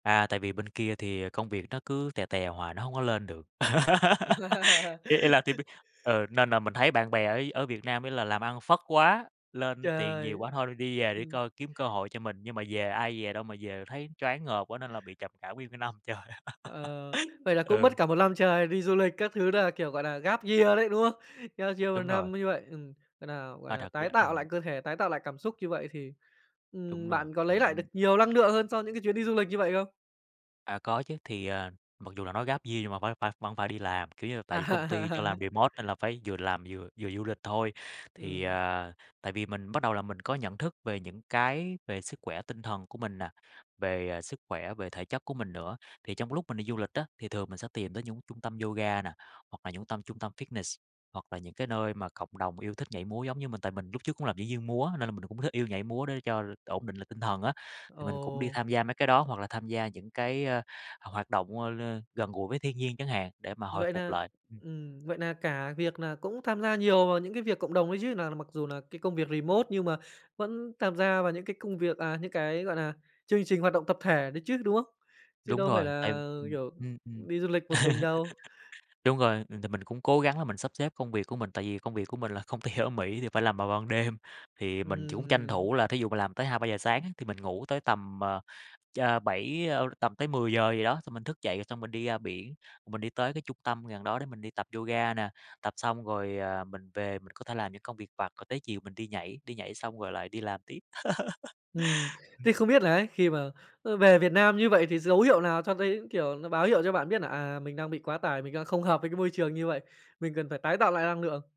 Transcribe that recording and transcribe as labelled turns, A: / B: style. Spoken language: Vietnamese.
A: À, tại vì bên kia thì, ờ, công việc nó cứ tè tè hoài, nó hổng có lên được. Ý ý là team bíết ừ, nên là mình thấy bạn bè ấy ở Việt Nam ấy là làm ăn phất quá, lên tiền nhiều
B: Trời.
A: quá thôi đi về để
B: Ừm.
A: coi đi kiếm cơ hội cho mình, nhưng mà về ai dè đâu mà về thấy choáng ngợp quá nên là bị trầm cảm nguyên cái năm trời.
B: Ờ, vậy là cũng
A: Ừ.
B: mất cả 1 lăm trời đi du lịch các thứ đà, kiểu, gọi là, gap year đấy, đúng hông? Gap year 1
A: Đúng rồi.
B: năm như vậy, ừm, gọi nà gọi
A: À,
B: nà,
A: thật
B: tái
A: ra
B: tạo lại
A: ừm.
B: cơ thể, tái tạo lại cảm xúc như vậy thì,
A: Đúng
B: ừm,
A: rồi,
B: bạn có lấy
A: ừm
B: lại được
A: hưm.
B: nhiều lăng lượng hơn cho những cái chuyến đi du lịch như vậy không?
A: À, có chứ, thì, ờ, mặc dù là nó gap year nhưng mà vẫn phải vẫn phải đi làm, kiểu như là, tại vì công ty cho
B: À.
A: làm remote nên là phải vừa làm vừa vừa du lịch thôi. Thì,
B: Ừm.
A: à, tại vì mình bắt đầu là mình có nhận thức về những cái về sức khỏe tinh thần của mình nà, về, ờ, sức khỏe, về thể chất của mình nữa, thì trong lúc mình đi du lịch á thì thường mình tìm tới những trung tâm yoga nà, hoặc là những tâm trung tâm fitness, hoặc là những cái nơi mà cộng đồng yêu thích nhảy múa giống như mình. Tại mình lúc trước cũng là diễn viên múa, nên là mình cũng thích yêu nhảy múa, để cho ổn định lại tinh thần á, thì mình cũng đi
B: Ồ!
A: tham gia mấy cái đó hoặc là tham gia những cái, ơ, hoặc hoạt động, ơ, lên gần gũi với thiên nhiên chẳng hạn để mà hồi
B: Vậy
A: phục
B: nà
A: lại, ừm.
B: ừm, vậy nà cả việc nà cũng tham gia nhiều vào những cái việc cộng đồng ấy chứ, nà mặc dù nà cái công việc remote nhưng mà vẫn tham gia vào những cái công việc, à, những cái, gọi nà, chương trình hoạt động tập thể đấy chứ, đúng không? Chứ
A: Đúng
B: đâu phải
A: rồi, tại,
B: là,
A: ừm,
B: kiểu,
A: ưm, ừm,
B: đi du lịch một mình đâu.
A: đúng rồi, ừm, tại mình cũng cố gắng là mình sắp xếp công việc của mình, tại vì công việc của mình là công ty ở Mỹ thì phải làm vào ban đêm, thì mình cũng tranh
B: Ừm.
A: thủ là thí dụ mình làm tới 2:00-3:00 sáng á, thì mình ngủ tới tầm, ờ, cha 7, ơ, tầm tới 10:00 gì đó, xong mình thức dậy rồi xong mình đi ra biển, mình đi tới cái trung tâm gần đó để mình đi tập yoga nè, tập xong rồi, ờ, mình về mình có thể làm những công việc vặt, rồi tới chiều mình đi nhảy, đi nhảy xong rồi lại đi làm tiếp.
B: Ừm, thế
A: Ừm.
B: không biết là ấy khi mà, ờ, về Việt Nam như vậy thì dấu hiệu nào cho thấy, kiểu, nó báo hiệu cho bạn biết nà, à, mình đang bị quá tải, mình đang không hợp với cái môi trường như vậy, mình cần phải tái tạo lại năng lượng?